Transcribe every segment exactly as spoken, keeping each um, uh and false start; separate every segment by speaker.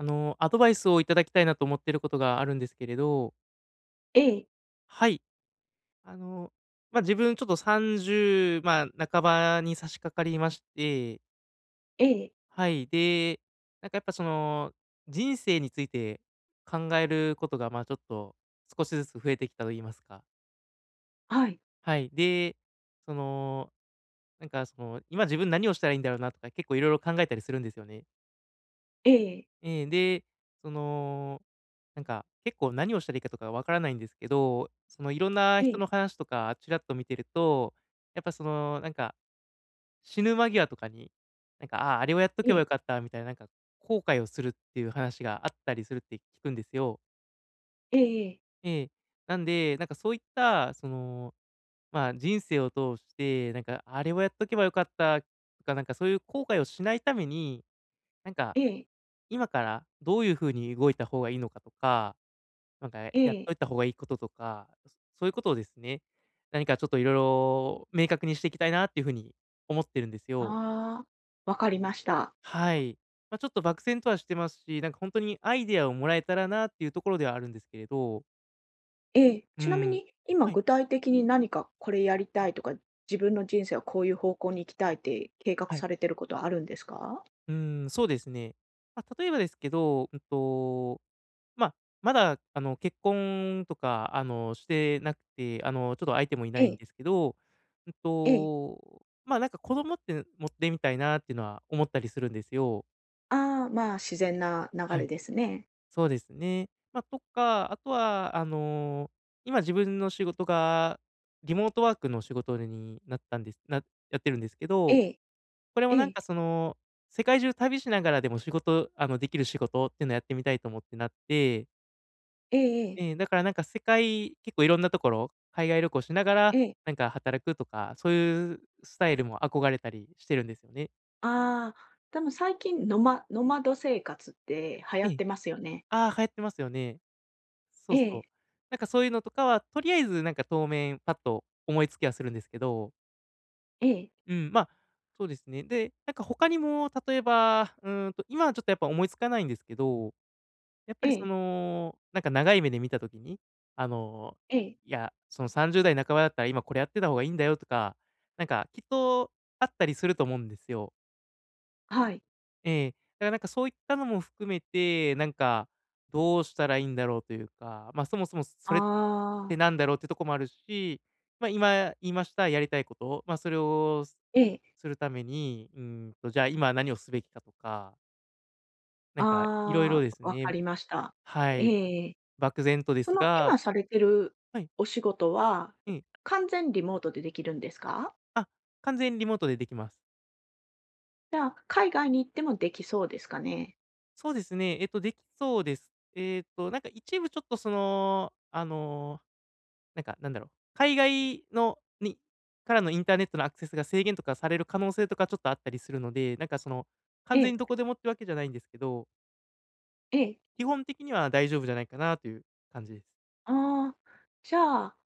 Speaker 1: あの、アドバイスをいただきたいなと思ってることがあるんですけれど。
Speaker 2: ええ。
Speaker 1: はい。あの、ま、自分ちょっと、さんじゅう、まあ、半ばに差し掛かりまして
Speaker 2: ええ。
Speaker 1: はい。で、なんかやっぱその、人生について考えることが、まあちょっと少しずつ増えてきたといいますか。
Speaker 2: はい。
Speaker 1: はい、で、その、なんかその、今自分何をしたらいいんだろうなとか、結構いろいろ考えたりするんですよね。
Speaker 2: ええ。
Speaker 1: ええ。で、その、なんか結構何をしたらいいかとか、分からないんですけど、その、いろんな
Speaker 2: え
Speaker 1: 人
Speaker 2: え。
Speaker 1: の話とかチラっと見てると、やっぱそのなんか、死ぬ間際とかに、なんか、ああ、あれをやっと
Speaker 2: え
Speaker 1: けば
Speaker 2: え。
Speaker 1: よかったみたい、なんか後悔をするっていう話があったりするって聞くんですよ。
Speaker 2: ええええ。
Speaker 1: ええ。なんで、なんかそういった、その、まあ、人生を通して、なんかあれをやっとけばよかったとか、なんかそういう後悔をしないために、なんか、
Speaker 2: ええ。
Speaker 1: 今からどういう風に動いた方がいいのかとか、なんかやっ
Speaker 2: ええ。
Speaker 1: といた方がいいこととか、そういうことをですね。何かちょっといろいろ明確にしてきたいなっていうふうに思ってるんですよ。
Speaker 2: ああ。分かりました。
Speaker 1: はい。ま、ちょっと漠然とはしてますし、なんかほんとに、アイディアをもらえたらなあっていうところではあるんですけれど
Speaker 2: え、
Speaker 1: う
Speaker 2: ちなみ
Speaker 1: ん。
Speaker 2: に、今、
Speaker 1: はい。
Speaker 2: 具体的に何かこれやりたいとか、自分の人生はこういう方向に行きたいって計画
Speaker 1: はい。
Speaker 2: されていることはあるんですか？
Speaker 1: うーん、そうですね。ま、例えばですけど、うんと、ま、まだ、あの、結婚とか、あの、してなくて、あの、ちょっと相手もいな
Speaker 2: え
Speaker 1: いん
Speaker 2: え。
Speaker 1: ですけど、うん
Speaker 2: ええ。
Speaker 1: と、ま、なんか子供って持ってみたいなってのは思ったりするんですよ。
Speaker 2: あ、ま、自然な流
Speaker 1: は
Speaker 2: れ
Speaker 1: い。
Speaker 2: ですね。
Speaker 1: そうですね。ま、とか、あとは、あの、今自分の仕事がリモートワークの仕事になったんです、なやってるんですけ
Speaker 2: え
Speaker 1: ど、
Speaker 2: え、
Speaker 1: これも、
Speaker 2: え
Speaker 1: なん
Speaker 2: え。
Speaker 1: か、その、世界中旅しながらでも仕事あの、できる仕事っていうのをやってみたいと思ってなって。
Speaker 2: ええええ。
Speaker 1: ええ、だから、なんか、世界結構いろんなところ海外旅行しながら、
Speaker 2: ええ。
Speaker 1: なんか、働くとか、そういうスタイルも憧れたりしてるんですよね。
Speaker 2: あ、多分最近、ノマノマド生活って流行
Speaker 1: え
Speaker 2: っ
Speaker 1: え。
Speaker 2: てますよね。
Speaker 1: あ、流行ってますよね。そ
Speaker 2: え
Speaker 1: うそう、
Speaker 2: え。
Speaker 1: なんか、そういうのとかは、とりあえず、なんか、当面パッと思いつきはするんですけど。
Speaker 2: ええ。
Speaker 1: うん、ま、そうですね。で、なんか、他にも例えば、うんと、今はちょっと、やっぱ、思いつかないんですけど。やっぱり、そ
Speaker 2: ええ。
Speaker 1: の、なんか、長い目で見た時に、あの、
Speaker 2: ええ。
Speaker 1: いや、その、さんじゅうだい半ばだったら今これやってた方がいいんだよとか、なんか、きっと、あったりすると思うんですよ。
Speaker 2: はい。
Speaker 1: ええ、だから、なんか、そういったのも含めて、なんか、どうしたらいいんだろうというか。ま、そもそも、それっ
Speaker 2: ああ。
Speaker 1: て何だろうっていうとこもあるし。ま、今言いましたやりたいこと。ま、それを
Speaker 2: ええ。
Speaker 1: するために、うーんと、じゃあ、今何をすべきかとか。なんか、いろいろ
Speaker 2: あ
Speaker 1: です
Speaker 2: あ、わ
Speaker 1: ね、
Speaker 2: かりました。
Speaker 1: はい、
Speaker 2: ええ。
Speaker 1: 漠然とで
Speaker 2: そ
Speaker 1: す
Speaker 2: の、
Speaker 1: が
Speaker 2: 今されてる
Speaker 1: はい。
Speaker 2: お仕事は、
Speaker 1: うん。
Speaker 2: 完全リモートでできるんですか？
Speaker 1: あ、完全にリモートでできます。
Speaker 2: じゃあ、海外に行ってもできそうですかね？
Speaker 1: そうですね。えっと、できそうです。えっと、なんか、一部ちょっとその、あの、なんか、なんだろう、海外のにからのインターネットのアクセスが制限とかされる可能性とかちょっとあったりするので、なんか、その、
Speaker 2: え
Speaker 1: 完全
Speaker 2: え。
Speaker 1: にどこでもってわけじゃないんですけど。
Speaker 2: ええ。
Speaker 1: 基本的には、大丈夫じゃないかなという感じ
Speaker 2: ああ、じゃあ、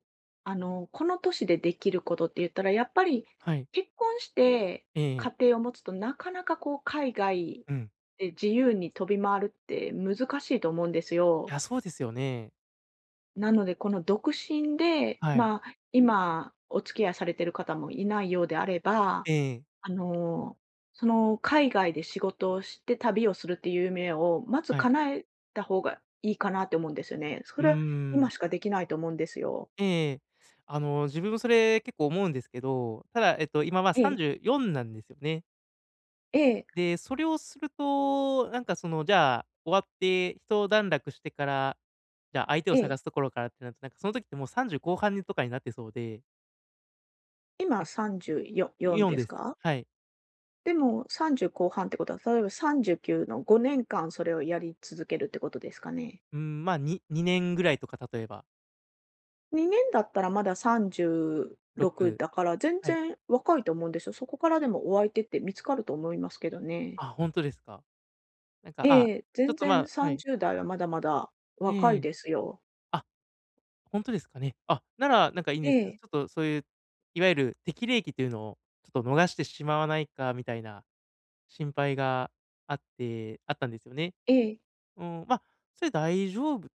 Speaker 2: あの、この年でできることってゆったらやっぱり、
Speaker 1: はい。
Speaker 2: 結婚して
Speaker 1: ええええ。
Speaker 2: 家庭を持つと、なかなか、こう、海外
Speaker 1: うん。
Speaker 2: で自由に飛び回るって難しいと思うんですよ。
Speaker 1: あ、そうですよね。
Speaker 2: なので、この独身で、
Speaker 1: はい。
Speaker 2: ま、今、お付き合いされてる方もいないようであれば、
Speaker 1: ええ。
Speaker 2: あの、その、海外で仕事をして旅をするって夢を、まず
Speaker 1: はい。
Speaker 2: 叶えた方がいいかなって思うんですよね。そ
Speaker 1: うー
Speaker 2: れは、
Speaker 1: ん。
Speaker 2: 今しかできないと思うんですよ。
Speaker 1: ええええ、あの、自分もそれ結構思うんですけど、ただ、えっと、今は、
Speaker 2: え
Speaker 1: さん
Speaker 2: え。
Speaker 1: じゅうよんなんですね。
Speaker 2: ええ。
Speaker 1: で、それをすると、なんかその、じゃあ、終わってひと段落してから、じゃあ、相手を
Speaker 2: え
Speaker 1: 探
Speaker 2: え。
Speaker 1: すところからってななんか、その時ってもうさんじゅうこうはんにとかになってそうで。は
Speaker 2: 今、
Speaker 1: い。
Speaker 2: さんじゅうよよん
Speaker 1: よん
Speaker 2: で
Speaker 1: で
Speaker 2: す
Speaker 1: す。
Speaker 2: か？
Speaker 1: はい。
Speaker 2: で、もうさんじゅう後半ってことは、例えばさんじゅうきゅうのごねんかんそれをやり続けるってことですかね？
Speaker 1: うーん、ま、ににねんぐらいとか、例えば。
Speaker 2: にねんだったらまださんじゅう
Speaker 1: ろ
Speaker 2: ろく
Speaker 1: く、
Speaker 2: だから全
Speaker 1: はい。
Speaker 2: 然若いと思うんですよ。そこからでもお相手って見つかると思いますけどね。
Speaker 1: あ、本当ですか？なんか、あ
Speaker 2: ええ、
Speaker 1: ちょ
Speaker 2: 全
Speaker 1: っとま
Speaker 2: 然
Speaker 1: あ
Speaker 2: さ
Speaker 1: は
Speaker 2: ん
Speaker 1: い。
Speaker 2: じゅうだいはまだまだ若
Speaker 1: え
Speaker 2: い
Speaker 1: え。
Speaker 2: ですよ。
Speaker 1: あ、本当ですかね。あ、ならなんかいいんです
Speaker 2: え
Speaker 1: けど。ち
Speaker 2: え。
Speaker 1: ょっと、そういう、いわゆる適齢期というのを、ちょっと逃してしまわないかみたいな、心配があってあったんですよね。
Speaker 2: ええ。
Speaker 1: うん、まあ、それ大丈夫っ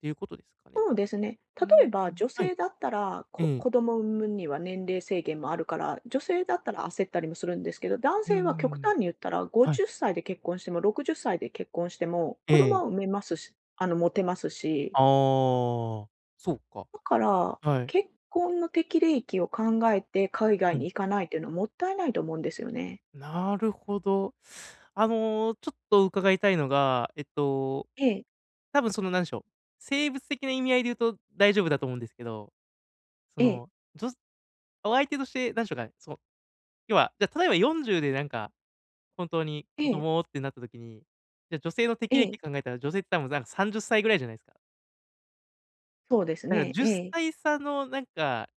Speaker 1: ていうことですかね。
Speaker 2: そう
Speaker 1: あ、
Speaker 2: ですね。
Speaker 1: う
Speaker 2: 例
Speaker 1: ー
Speaker 2: えば
Speaker 1: ん。
Speaker 2: 女
Speaker 1: はい。
Speaker 2: 性だったら、こ
Speaker 1: ええ。
Speaker 2: 子供を産むには年齢制限もあるから、女性だったら焦ったりもするんですけど、男
Speaker 1: うー
Speaker 2: 性は極
Speaker 1: ん。
Speaker 2: 端に言ったらご
Speaker 1: はい。
Speaker 2: じゅうで結婚してもろくじゅっさいで結婚しても
Speaker 1: え
Speaker 2: 子供
Speaker 1: え。
Speaker 2: は産めますしあの持てますし。
Speaker 1: ああ、そうか。
Speaker 2: だから、
Speaker 1: はい。
Speaker 2: 結婚の適齢期を考えて海
Speaker 1: う
Speaker 2: 外に
Speaker 1: ん。
Speaker 2: 行かないというのはもったいないと思うんですよね。
Speaker 1: なるほど。あの、ちょっと伺いたいのが、えっと、
Speaker 2: ええ。
Speaker 1: 多分その何でしょう、生物的な意味合いで言うと大丈夫だと思うんですけど、そ
Speaker 2: ええ。
Speaker 1: の、じょお相手として何でしょうかね、その、要は、じゃ例えばよんじゅうでなんか、本当に
Speaker 2: え
Speaker 1: 子
Speaker 2: え。
Speaker 1: 供ってなった時に、じゃ女性の
Speaker 2: え
Speaker 1: 適齢
Speaker 2: え。
Speaker 1: 期考えたら、女性って多分なんかさんじゅうぐらいじゃないですか。
Speaker 2: そうです
Speaker 1: だから、
Speaker 2: ね、
Speaker 1: じゅっ
Speaker 2: ええ。
Speaker 1: さい差のなんか、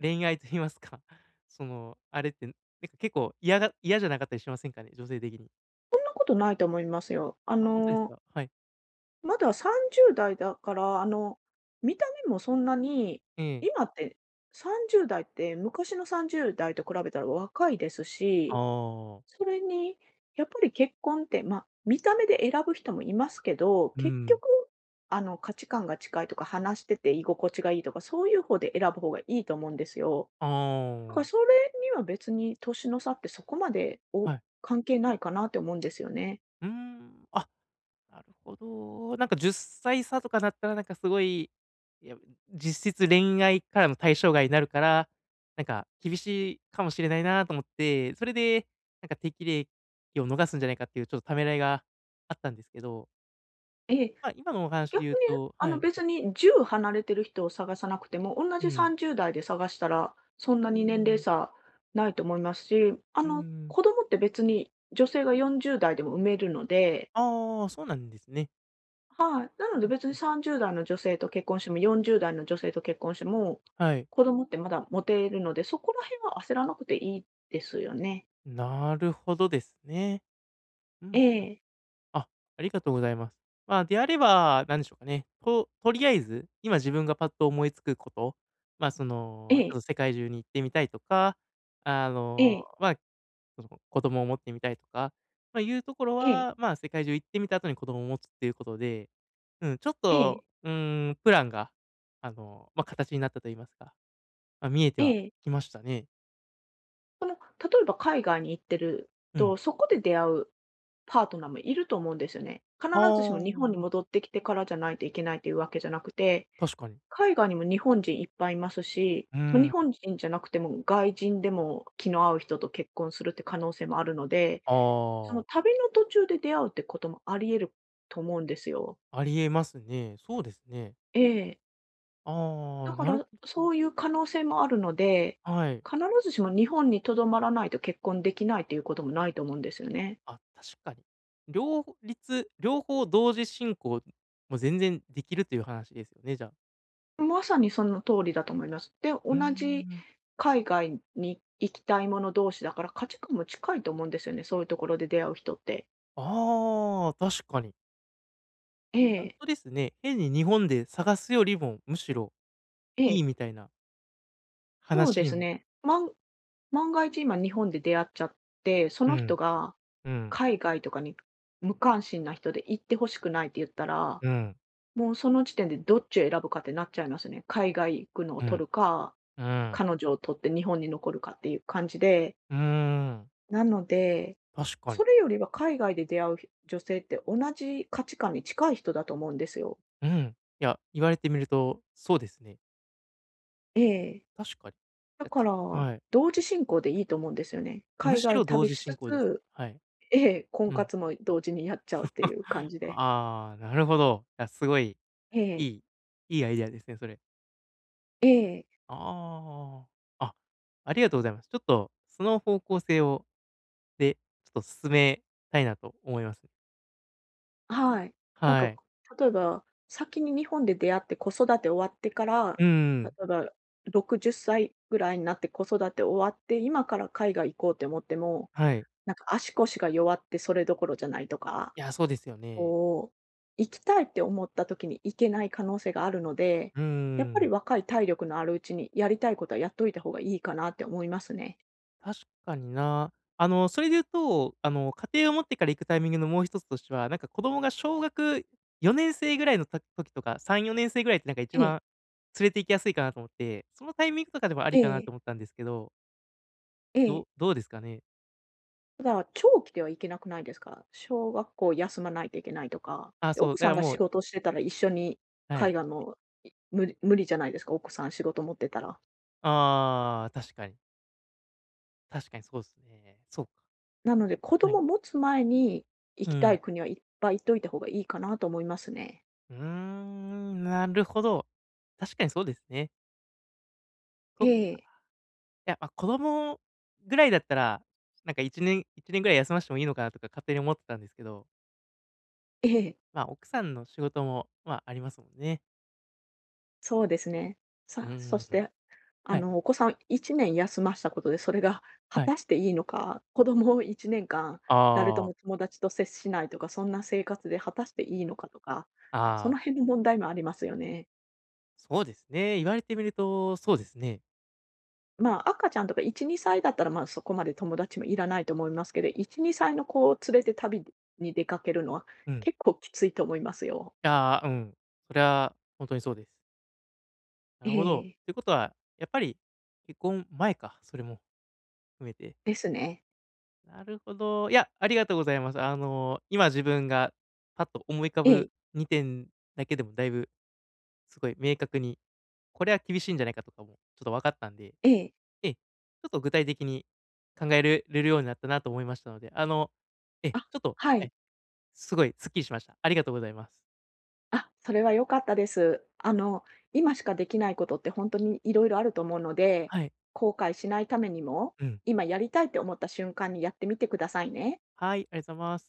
Speaker 1: 恋愛と言いますか、その、あれって、ん、けっ結構、嫌が嫌じゃなかったりしませんかね？女性的に。
Speaker 2: そんなことないと思いますよ。あ
Speaker 1: あ、ほんとです
Speaker 2: の
Speaker 1: か？はい。
Speaker 2: まださんじゅうだいだから、あの、見た目もそんなに
Speaker 1: ええ。
Speaker 2: 今って、さんじゅうだいって昔のさんじゅうだいと比べたら若いです
Speaker 1: あ
Speaker 2: し、
Speaker 1: あ。
Speaker 2: それに、やっぱり結婚って、ま、見た目で選ぶ人もいますけど、
Speaker 1: う
Speaker 2: 結
Speaker 1: ん。
Speaker 2: 局、あの、価値観が近いとか、話してて居心地がいいとか、そういうほうで選ぶほうがいいと思うんですよ。
Speaker 1: あ
Speaker 2: だから
Speaker 1: あ。
Speaker 2: それには別に年の差ってそこまで、お
Speaker 1: はい。
Speaker 2: 関係ないかなって思うんですよね。
Speaker 1: うーん。あ、なるほど。なんか、じゅっさい差とかなったら、なんかすごい、いや、実質、恋愛からの対象外なるから、なんか、厳しいかもしれないなあと思って、それでなんか、適齢期を逃すんじゃないかっていう、ちょっとためらいがあったんですけど
Speaker 2: ええ、
Speaker 1: ま、今のお話で
Speaker 2: 逆
Speaker 1: 言う
Speaker 2: に、
Speaker 1: と
Speaker 2: あ
Speaker 1: は
Speaker 2: の、
Speaker 1: い。
Speaker 2: 別に、じゅう離れている人を探さなくても、おんな
Speaker 1: う
Speaker 2: じさ
Speaker 1: ん。
Speaker 2: んじゅうだいで探したら、そんな
Speaker 1: うー
Speaker 2: に年齢
Speaker 1: ん。
Speaker 2: 差ないと思いますし、あ
Speaker 1: うー
Speaker 2: の、
Speaker 1: ん。
Speaker 2: 子供って別に、女性がよんじゅうだいでも産めるので
Speaker 1: ああ、そうなんですね。
Speaker 2: はい。なの
Speaker 1: う
Speaker 2: で、
Speaker 1: ん
Speaker 2: 別に
Speaker 1: うん。
Speaker 2: さんじゅうだいの女性と結婚しても、よんじゅうだいの女性と結婚しても、
Speaker 1: はい。
Speaker 2: 子供ってまだ持てるので、そこら辺は焦らなくていいですよね。
Speaker 1: なるほどですね。うん
Speaker 2: え
Speaker 1: うん。
Speaker 2: え。
Speaker 1: あ、ありがとうございます。まあ、であれば、なんでしょうかね、ととりあえず、今自分がパッと思いつくこと、まあそ
Speaker 2: え
Speaker 1: の、ち
Speaker 2: え。
Speaker 1: ょっと世界中に行ってみたいとか、あ
Speaker 2: え
Speaker 1: の、
Speaker 2: え。
Speaker 1: まあ、その、子供を持ってみたいとか、まあ、いうところ
Speaker 2: ええ。
Speaker 1: は、まあ世界中行ってみた後に子供を持つっていうことで。うん。ちょっ
Speaker 2: ええ。
Speaker 1: と、うーん、プランが、あの、まあ形になったと言いますか、ま、見えては
Speaker 2: ええ。
Speaker 1: きましたね。
Speaker 2: あの、例えば海外に行ってる
Speaker 1: うん。
Speaker 2: と、そこで出会うパートナーもいると思うんですよね。必
Speaker 1: あ
Speaker 2: ずしも日本に
Speaker 1: あ。
Speaker 2: 戻ってきてからじゃないといけないというわけじゃなくて、
Speaker 1: 確かに。
Speaker 2: 海外にも日本人いっぱいいますし、
Speaker 1: うー
Speaker 2: 日
Speaker 1: ん。
Speaker 2: 本人じゃなくても外人でも、気の合う人と結婚するっていう可能性もあるので。
Speaker 1: あ
Speaker 2: その、
Speaker 1: あ。
Speaker 2: 旅の途中で出会うってこともあり得ると思うんですよ。
Speaker 1: ありえますね。そうですね。
Speaker 2: ええ。
Speaker 1: あ
Speaker 2: だ
Speaker 1: あ、
Speaker 2: か
Speaker 1: なるほ
Speaker 2: ら、
Speaker 1: ど。
Speaker 2: そういう可能性もあるので、
Speaker 1: はい。
Speaker 2: 必ずしも日本にとどまらないと結婚できないということもないと思うんですよね。
Speaker 1: あ、確かに。両ほ立両方同時進行も全然できるという話ですよね、じゃあ。
Speaker 2: まさにその通りだと思います。で、
Speaker 1: うん
Speaker 2: 同
Speaker 1: う
Speaker 2: じ
Speaker 1: んうん。
Speaker 2: 海外に行きたいもの同士だから、価値観も近いと思うんですよね、そういうところで出会う人って。
Speaker 1: ああ、確かに。
Speaker 2: え
Speaker 1: ほん
Speaker 2: え。
Speaker 1: とですね。変に日本で探すよリもむしろ、
Speaker 2: え
Speaker 1: いい
Speaker 2: え。
Speaker 1: みたいな。
Speaker 2: そう
Speaker 1: 話
Speaker 2: で
Speaker 1: に
Speaker 2: す
Speaker 1: も
Speaker 2: ね。万万が一、今、日本で出会っちゃって、そ
Speaker 1: う
Speaker 2: の人
Speaker 1: ん。
Speaker 2: が、
Speaker 1: うん。
Speaker 2: 海外とかに、無関心な人で、「行ってほしくない」って言ったら、
Speaker 1: うん。
Speaker 2: もう、その時点でどっちを選ぶかってなっちゃいますね。海外行くのを
Speaker 1: う
Speaker 2: 取
Speaker 1: ん。
Speaker 2: るか、
Speaker 1: うん。
Speaker 2: 彼女を取って日本に残るかっていう感じで。
Speaker 1: うーん。
Speaker 2: なので、
Speaker 1: 確か
Speaker 2: そ
Speaker 1: に。
Speaker 2: れよりは海外で出会うひ女性って同じ価値観に近い人だと思うんですよ。
Speaker 1: うん。いや、言われてみるとそうですね。
Speaker 2: ええ。
Speaker 1: 確かに。
Speaker 2: だか
Speaker 1: [unintelligible]
Speaker 2: ら、
Speaker 1: はい。
Speaker 2: 同時進行でいいと思うんですよね。
Speaker 1: む
Speaker 2: 海
Speaker 1: し
Speaker 2: 外
Speaker 1: ろ同
Speaker 2: 旅
Speaker 1: 時
Speaker 2: しつ
Speaker 1: 進行です。
Speaker 2: つ、
Speaker 1: はい。
Speaker 2: ええ、婚
Speaker 1: うん。
Speaker 2: 活も同時にやっちゃうっていう感 じで。
Speaker 1: ああ、なるほど。いや、すごい、
Speaker 2: え
Speaker 1: い
Speaker 2: え。
Speaker 1: いいいアイディアですね、それ。
Speaker 2: ええ。
Speaker 1: ああ、あ、ありがとうございます。ちょっと、その方向性をで、ちょっと進めたいなと思います。
Speaker 2: はい。なん
Speaker 1: は
Speaker 2: か、
Speaker 1: い。
Speaker 2: 例えば、先に日本で出会って子育て終わってから、
Speaker 1: うー
Speaker 2: 例
Speaker 1: ん。
Speaker 2: えばろくじゅっさいぐらいになって子育て終わって今から海外行こうと思っても、
Speaker 1: はい。
Speaker 2: なんか、足腰が弱ってそれどころじゃないとか。
Speaker 1: やあ、そうですよね。
Speaker 2: こう、行きたいって思った時に行けない可能性があるので、
Speaker 1: うー
Speaker 2: やっぱり
Speaker 1: ん。
Speaker 2: 若い体力のあるうちにやりたいことはやっといた方がいいかなって思いますね。
Speaker 1: 確かにな。あの、それで言うと、あの、家庭を持ってから行くタイミングのもうひとつとしては、なんか、子供が小学よねんせいぐらいの時時とかさんよねんせいぐらいって、なんか一
Speaker 2: ええ。
Speaker 1: 番連れて行きやすいかなと思って、そのタイミングとかでもあ
Speaker 2: え
Speaker 1: りかな
Speaker 2: え。
Speaker 1: と思ったんですけど。
Speaker 2: ええ。
Speaker 1: どどうですかね？
Speaker 2: ただ長期では行けなくないですか？小学校休まないといけないとか。
Speaker 1: あ、
Speaker 2: で、
Speaker 1: そう。
Speaker 2: 奥
Speaker 1: だ
Speaker 2: さ
Speaker 1: から
Speaker 2: んが
Speaker 1: も
Speaker 2: 仕
Speaker 1: う。
Speaker 2: 事してたら一緒に
Speaker 1: は
Speaker 2: か
Speaker 1: い。
Speaker 2: いがも、い無理無理じゃないですか？奥さん仕事持ってたら。
Speaker 1: ああ、確かに。確かにそうですね。そうか。
Speaker 2: なので、子
Speaker 1: え、は
Speaker 2: 供
Speaker 1: い。
Speaker 2: 持つ前に
Speaker 1: う
Speaker 2: 行き
Speaker 1: ー
Speaker 2: た
Speaker 1: ん。
Speaker 2: い国はいっぱい行っといた方がいいかなと思いますね。
Speaker 1: うーん、なるほど。確かにそうですね。そ
Speaker 2: え
Speaker 1: っか。
Speaker 2: え。
Speaker 1: いや、あ、子供ぐらいだったら、なんかいちねんいちねんぐらい休ませてもいいのかなとか勝手に思ってたんですけど。
Speaker 2: ええ。
Speaker 1: まあ、奥さんの仕事も、まあ、ありますもんね。
Speaker 2: そうですね。
Speaker 1: う
Speaker 2: さ
Speaker 1: ー
Speaker 2: あ、そし
Speaker 1: ん、
Speaker 2: て、あ
Speaker 1: はい。
Speaker 2: のお子さんいちねん休ませたことで、それが果
Speaker 1: はい。
Speaker 2: たしていいのか。子供をいちねんかん誰と
Speaker 1: ああ。
Speaker 2: も友達と接しないとか、そんな生活で果たしていいのかとか、そ
Speaker 1: ああ。
Speaker 2: の辺の問題もありますよね。
Speaker 1: そうですね。言われてみると、そうですね。
Speaker 2: まあ、赤ちゃんとかいち、にさいだったら、まあそこまで友達もいらないと思いますけど、いち、にさいの子を連れて旅でに出かけるのは
Speaker 1: うん。
Speaker 2: 結構きついと思いますよ。
Speaker 1: ああ、うん。それは本当にそうです。な
Speaker 2: え
Speaker 1: るほど。
Speaker 2: え。
Speaker 1: ということは、やっぱり結婚前か。それも、含めて。
Speaker 2: ですね。
Speaker 1: なるほど。いや、ありがとうございます。あの、今自分が、パッと思い浮か
Speaker 2: ええ。
Speaker 1: ぶにてんだけでもだいぶ、すごい明確に、これは厳しいんじゃないかとかもちょっと分かったんで。
Speaker 2: ええ。
Speaker 1: ええ。ちょっと具体的に考えるれるようになったなと思いましたので。あの、ええ。
Speaker 2: あ、
Speaker 1: ちょっと、
Speaker 2: は
Speaker 1: は
Speaker 2: い。
Speaker 1: い。すごいすっきりしました。ありがとうございます。
Speaker 2: あ、それは良かったです。あの、今しか出来ないことって本当にいろいろあると思うので、
Speaker 1: はい。
Speaker 2: 後悔しないためにも
Speaker 1: うん。
Speaker 2: 今やりたいと思った瞬間にやってみてくださいね。
Speaker 1: はい、ありがとうございます。